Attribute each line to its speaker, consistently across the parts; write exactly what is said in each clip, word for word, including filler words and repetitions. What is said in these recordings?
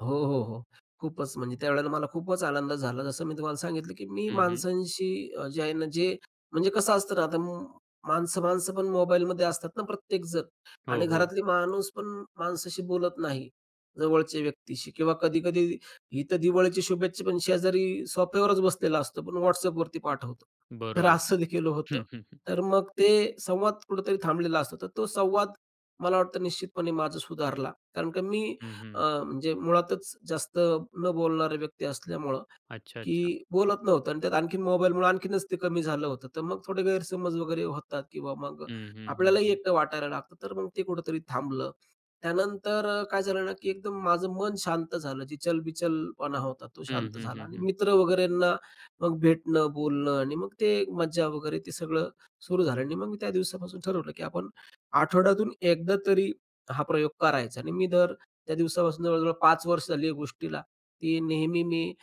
Speaker 1: हो, हो, हो. खूपच म्हणजे त्यावेळेला मला खूपच आनंद झाला. जसं मी तुम्हाला सांगितलं, की मी
Speaker 2: हं, हं.
Speaker 1: माणसांशी अ, जे आहे ना, जे म्हणजे कसं असतं ना, आता म माणसं माणसंपण मोबाईलमध्ये असतात ना, प्रत्येक जण.
Speaker 2: हो,
Speaker 1: आणि
Speaker 2: हो.
Speaker 1: घरातली माणूस पण माणसाशी बोलत नाही जवळच्या व्यक्तीशी किंवा कधी-कधी इथं दिवाळीच्या शुभेच्छा पण शेजारी सोफ्यावरच बसलेला असतो, पण WhatsAppवरती पाठवतो. तर
Speaker 2: बरोबर.
Speaker 1: असंदेखील होतं.
Speaker 2: हं, हं, हं.
Speaker 1: तर मग ते संवाद कुठेतरी थांबलेला असतो. तर तो संवाद मला वाटतं निश्चितपणे माझा सुधारला, कारण का मी
Speaker 2: हं, हं.
Speaker 1: अं, म्हणजे मुळातच जास्त न बोलणारं व्यक्ती असल्यामुळं,
Speaker 2: अच्छा, अच्छा.
Speaker 1: की बोलत नव्हतं आणि त्यात आणखीन मोबाईलमुळे आणखीनच ते कमी झालं होतं. तर मग थोडे गैरसमज वगैरे होतात किंवा मग
Speaker 2: हं, हं, हं,
Speaker 1: आपल्यालाही
Speaker 2: हं.
Speaker 1: एकटं वाटायला लागतं. तर मग ते कुठेतरी थांबलं. त्यानंतर अ, काय झालं ना, की एकदम माझं मन शांत झालं. जी चलबिचलपणा होता तो
Speaker 2: हं,
Speaker 1: शांत
Speaker 2: हं,
Speaker 1: झाला.
Speaker 2: हं,
Speaker 1: आणि
Speaker 2: हं.
Speaker 1: मित्र वगैरेंना मग भेटणं बोलणं आणि मग ते एक मज्जा वगैरे ते सगळं सुरू झालं आणि मग मी त्या दिवसापासून ठरवलं, की आपण आठवड्यातून एकदा तरी हा प्रयोग करायचा आणि मी दर त्या दिवसापासून जवळजवळ पाच वर्ष झाली या गोष्टीला, की नेहमी मी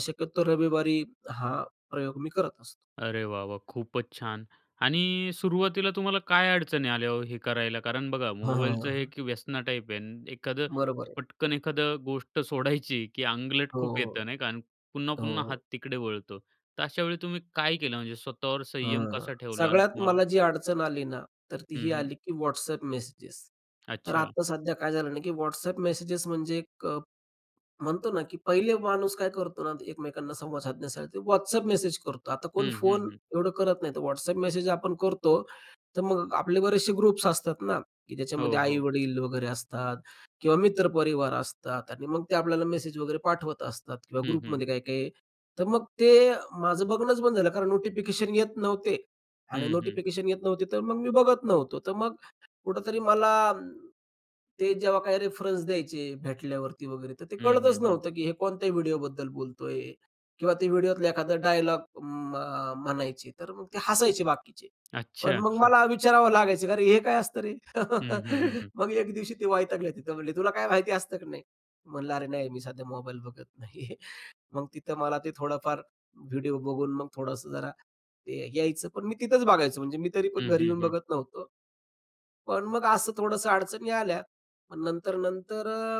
Speaker 1: शक्यतो रविवारी हा प्रयोग मी करत असतो.
Speaker 2: अरे वाह, वाह! खूपच छान आणि सुरुवातीला तुम्हाला काय अडचणी आल्या हो, हे करायला. कारण बघा,
Speaker 1: हां, हां,
Speaker 2: मोबाईलचं हे
Speaker 1: हां.
Speaker 2: की व्यसना टाइप आहे न एखादं
Speaker 1: बरोबर आहे.
Speaker 2: पटकन एखादं गोष्ट सोडायची, की आंगलट
Speaker 1: हो,
Speaker 2: खूप येतं नाही का आणि पुन्हा,
Speaker 1: हो,
Speaker 2: पुन्हा हात
Speaker 1: हो.
Speaker 2: तिकडे वळतो. तर अशा वेळी तुम्ही काय केलं, म्हणजे स्वतःवर संयम
Speaker 1: हं,
Speaker 2: कसा ठेवला? आणि
Speaker 1: सगळ्यात
Speaker 2: तुम्हाला.
Speaker 1: मला जी अडचण आली ना, तर ती
Speaker 2: हं,
Speaker 1: ही
Speaker 2: हं.
Speaker 1: आली की WhatsApp मेसेजेस. तर
Speaker 2: अच्छा.
Speaker 1: आता सध्या काय झालं ना, की WhatsApp मेसेजेस म्हणजे एक अ, म्हणतो ना, की पहिले माणूस काय करतो ना, एकमेकांना संवाद साधण्यासाठी WhatsApp मेसेज करतो. आता कोण
Speaker 2: हं, हं,
Speaker 1: फोन,
Speaker 2: हं.
Speaker 1: एवढं करत नाही. तर WhatsApp मेसेज आपण करतो. तर मग आपले बरेचशे ग्रुप्स असतात ना, की ज्याच्यामध्ये
Speaker 2: हो, हो.
Speaker 1: आई-वडील वगैरे असतात किंवा मित्रपरिवार असतात आणि मग ते आपल्याला मेसेज वगैरे पाठवत असतात किंवा
Speaker 2: हं, हं.
Speaker 1: ग्रुपमध्ये काही काही. तर मग ते माझं बघणंच बंद झालं कारण नोटिफिकेशन येत नव्हते आणि
Speaker 2: हं, हं.
Speaker 1: नोटिफिकेशन येत नव्हते, तर मग मी बघत नव्हतो. तर मग कुठेतरी मला, ते जेव्हा काही रेफरन्स द्यायचे भेटल्यावरती वगैरे. तर ते
Speaker 2: हं, हं,
Speaker 1: कळतच
Speaker 2: हं.
Speaker 1: नव्हतं की हे कोणत्या व्हिडिओबद्दल बोलतो आहे किंवा ते व्हिडिओतला एखादा डायलॉग म म्हणायचे. तर मग ते हसायचे बाकीचे. पण
Speaker 2: अच्छा,
Speaker 1: मग
Speaker 2: हं.
Speaker 1: मला विचारावं लागायचं. अरे हे काय असतं रे?
Speaker 2: हं, हं, हं, हं.
Speaker 1: मग एक दिवशी ते वैतागले. तिथं म्हणले, तुला काय माहिती असतं की नाही? म्हणलं अरे, नाही मी सध्या मोबाईल बघत नाही आहे मग तिथं मला ते थोडंफार व्हिडिओ बघून मग थोडंसं जरा ते यायचं. पण मी तिथंच बघायचो. म्हणजे मी तरी पण
Speaker 2: हं,
Speaker 1: घरी
Speaker 2: हं,
Speaker 1: येऊन
Speaker 2: हं.
Speaker 1: बघत नव्हतो. पण मग असं थोडंसं अडचणी आल्या. पण नंतर, नंतर अ